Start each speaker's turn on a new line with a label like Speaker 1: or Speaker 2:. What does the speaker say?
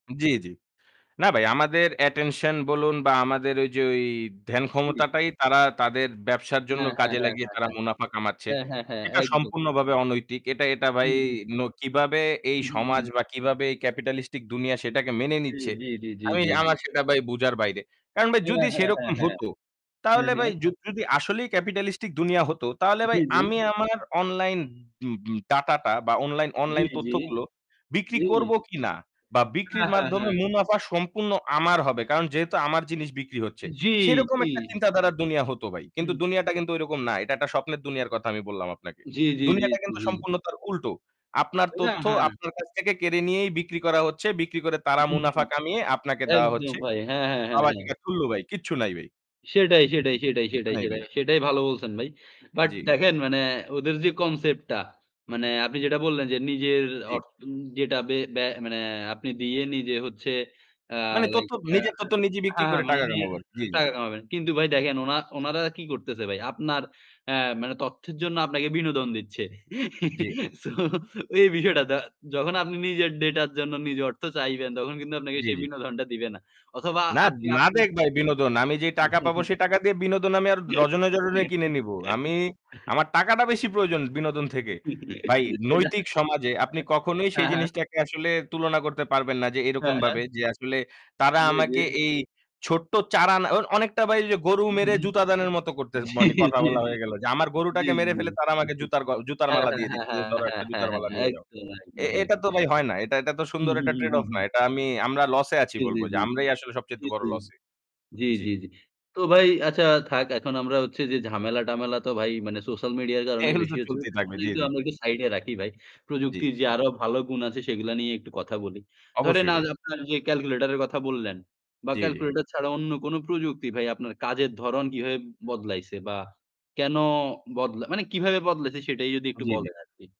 Speaker 1: জ্বী, জ্বী। না ভাই আমাদের অ্যাটেনশন বলুন বা আমাদের ঐযে ঐ ধ্যান
Speaker 2: জ্বী।
Speaker 1: ক্ষমতাটাই তারা তাদের ব্যবসার জন্য
Speaker 2: হ্যাঁ, হ্যাঁ,
Speaker 1: কাজে
Speaker 2: হ্যাঁ,
Speaker 1: লাগিয়ে
Speaker 2: হ্যাঁ,
Speaker 1: তারা মুনাফা কামাচ্ছে।
Speaker 2: হ্যাঁ। হ্যাঁ, হ্যাঁ,
Speaker 1: এটা
Speaker 2: হ্যাঁ একদম।
Speaker 1: সম্পূর্ণভাবে অনৈতিক। এটা, এটা ভাই
Speaker 2: হুম, হুম।
Speaker 1: ন কিভাবে এই
Speaker 2: হুম, হুম,
Speaker 1: সমাজ
Speaker 2: হুম।
Speaker 1: বা কিভাবে এই ক্যাপিটালিস্টিক দুনিয়া সেটাকে মেনে
Speaker 2: জ্বী,
Speaker 1: নিচ্ছে।
Speaker 2: জ্বী, জ্বী, জ্বী,
Speaker 1: আমি
Speaker 2: জ্বী, জ্বী।
Speaker 1: আমার সেটা ভাই বোঝার বাইরে। কারণ ভাই
Speaker 2: হ্যাঁ,
Speaker 1: যদি
Speaker 2: হ্যাঁ, হ্যাঁ,
Speaker 1: সেরকম
Speaker 2: হ্যাঁ।
Speaker 1: হতো
Speaker 2: হ্যাঁ,
Speaker 1: তাহলে ভাই
Speaker 2: হ্যাঁ।
Speaker 1: যু যদি আসলেই ক্যাপিটালিস্টিক দুনিয়া হত তাহলে
Speaker 2: জ্বী,
Speaker 1: ভাই
Speaker 2: জ্বী।
Speaker 1: আমি আমার অনলাইন উম উম ডাটা টা বা অনলাইন
Speaker 2: জ্বী,
Speaker 1: অনলাইন
Speaker 2: জ্বী।
Speaker 1: তথ্যগুলো বিক্রি
Speaker 2: জ্বী।
Speaker 1: করব কিনা বা
Speaker 2: হ্যাঁ,
Speaker 1: বিক্রির
Speaker 2: হ্যাঁ,
Speaker 1: মাধ্যমে
Speaker 2: হ্যাঁ।
Speaker 1: মুনাফা সম্পূর্ণ আমার হবে। কারণ যেহেতু আমার জিনিস বিক্রি হচ্ছে
Speaker 2: জ্বী,
Speaker 1: সেরকম
Speaker 2: জ্বী।
Speaker 1: একটা চিন্তা ধারার দুনিয়া হতো ভাই। কিন্তু
Speaker 2: হুম।
Speaker 1: দুনিয়াটা কিন্তু ঐরকম না। এটা একটা স্বপ্নের দুনিয়ার কথা আমি বললাম আপনাকে।
Speaker 2: জ্বী, জ্বী, জ্বী,
Speaker 1: দুনিয়াটা
Speaker 2: জ্বী,
Speaker 1: কিন্তু
Speaker 2: জ্বী।
Speaker 1: সম্পূর্ণ তার উল্টো। আপনার
Speaker 2: না
Speaker 1: তথ্য
Speaker 2: হ্যাঁ।
Speaker 1: আপনার কাছ থেকে কেড়ে নিয়েই বিক্রি করা হচ্ছে। বিক্রি করে তারা
Speaker 2: হুম, হুম।
Speaker 1: মুনাফা কামিয়ে আপনাকে দেওয়া
Speaker 2: একদম
Speaker 1: হচ্ছে।
Speaker 2: ভাই। হ্যাঁ, হ্যাঁ, হ্যাঁ, হ্যাঁ।
Speaker 1: [unintelligible] ভাই কিচ্ছু নাই ভাই।
Speaker 2: সেটাই, সেটাই,
Speaker 1: কিচ্ছু
Speaker 2: সেটাই,
Speaker 1: কিচ্ছু
Speaker 2: সেটাই,
Speaker 1: নাই ভাই।
Speaker 2: সেটাই, সেটাই ভালো বলছেন ভাই। বাট
Speaker 1: জ্বি।
Speaker 2: দেখেন মানে ওদের যে কনসেপ্টটা মানে আপনি যেটা বললেন যে নিজের
Speaker 1: জ্বী।
Speaker 2: অর্থন যেটা বে ব্য মানে আপনি দিয়ে নিজে হচ্ছে আ
Speaker 1: মানে
Speaker 2: লাইক
Speaker 1: তথ্য
Speaker 2: ইয়া
Speaker 1: নিজের
Speaker 2: হ্যাঁ,
Speaker 1: তথ্য নিজেই বিক্রি
Speaker 2: হ্যাঁ
Speaker 1: করে
Speaker 2: মানে
Speaker 1: টাকা
Speaker 2: নিজের
Speaker 1: কামাবো আরকি। জী, জী।
Speaker 2: টাকা কামাবেন। কিন্তু ভাই দেখেন ওনা ওনারা কি করতেছে ভাই? আপনার এ মানে তথ্যের জন্য আপনাকে বিনোদন দিচ্ছে।
Speaker 1: জ্বি।
Speaker 2: সো এই বিষয়টা য যখন আপনি নিজের ডাটার জন্য নিজের অর্থ চাইবেন তখন কিন্তু আপনাকে
Speaker 1: জ্বী,
Speaker 2: সেই
Speaker 1: জ্বী।
Speaker 2: বিনোদনটা দিবে না। অথবা
Speaker 1: না,
Speaker 2: আপনি
Speaker 1: না
Speaker 2: আপনার
Speaker 1: দেক ভাই বিনোদন। আমি যেই টাকা পাবো সেই টাকা দিয়ে বিনোদন আমি আর ডজনে, ডজনে কিনে নিবো। আমি আমার টাকাটা বেশি প্রয়োজন বিনোদন থেকে। ভাই
Speaker 2: এটা
Speaker 1: নৈতিক সমাজে আপনি কখনোই সেই
Speaker 2: হ্যাঁ, হ্যাঁ।
Speaker 1: জিনিসটাকে আসলে তুলনা করতে পারবেন না যে এরকম
Speaker 2: হ্যাঁ, হ্যাঁ।
Speaker 1: ভাবে যে আসলে তারা
Speaker 2: জ্বী, জ্বী।
Speaker 1: আমাকে এই ছোট্ট চারানা অর অনেকটা ভাই ওইযে গরু
Speaker 2: হুম,
Speaker 1: মেরে
Speaker 2: হুম।
Speaker 1: জুতা দানের মতো করতে মানে
Speaker 2: জ্বী,
Speaker 1: কথা
Speaker 2: জ্বী,
Speaker 1: বলা হয়ে গেল। যে আমার গরুটাকে
Speaker 2: জ্বী,
Speaker 1: মেরে ফেলে তারা
Speaker 2: জ্বী,
Speaker 1: আমাকে
Speaker 2: জ্বী।
Speaker 1: জুতার গ জুতার
Speaker 2: হ্যাঁ,
Speaker 1: মালা
Speaker 2: হ্যাঁ,
Speaker 1: দিয়ে
Speaker 2: হ্যাঁ,
Speaker 1: দিচ্ছে। যে
Speaker 2: হ্যাঁ,
Speaker 1: ধরো একটা
Speaker 2: হ্যাঁ, হ্যাঁ,
Speaker 1: জুতার মালা
Speaker 2: হ্যাঁ,
Speaker 1: নিয়ে যাও।
Speaker 2: একদম,
Speaker 1: এ
Speaker 2: একদম ভাই।
Speaker 1: এটা তো ভাই হয় না। এটা, এটা তো
Speaker 2: হুম,
Speaker 1: সুন্দর
Speaker 2: হুম,
Speaker 1: একটা
Speaker 2: হুম,
Speaker 1: ট্রেড
Speaker 2: হুম,
Speaker 1: অফ না।
Speaker 2: হুম।
Speaker 1: এটা আমি আমরা লস এ আছি
Speaker 2: জ্বী, জ্বী,
Speaker 1: বলবো যে
Speaker 2: জ্বী।
Speaker 1: আমরাই আসলে সবচাইতে
Speaker 2: জ্বী,
Speaker 1: বড়
Speaker 2: জ্বী, জ্বী।
Speaker 1: লসে।
Speaker 2: জ্বী,
Speaker 1: জি।
Speaker 2: জ্বী, জ্বী। তো ভাই আচ্ছা থাক এখন আমরা হচ্ছে যে ঝামেলা-টামেলা তো ভাই মানে সোশ্যাল মিডিয়ার কারণে
Speaker 1: এগুলো তো
Speaker 2: বেশি হচ্ছে।
Speaker 1: চলতেই থাকবে, জ্বী, জ্বী।
Speaker 2: [unintelligible] আমরা একটু সাইড এ রাখি ভাই।
Speaker 1: জ্বী।
Speaker 2: প্রযুক্তির যে আরো ভালো গুণ আছে সেগুলা নিয়ে একটু কথা বলি। ধরেন
Speaker 1: অবশ্যই
Speaker 2: আজ
Speaker 1: ভাই।
Speaker 2: আপনার যে ক্যালকুলেটর এর কথা বললেন বা
Speaker 1: জ্বী, জ্বী।
Speaker 2: ক্যালকুলেটর ছাড়া অন্য কোনো প্রযুক্তি ভাই আপনার কাজের ধরন কীভাবে বদলাইছে বা কেনো বদলা মানে কিভাবে বদলাইছে সেটাই যদি একটু
Speaker 1: জ্বী, জ্বী।
Speaker 2: বলেন আরকি।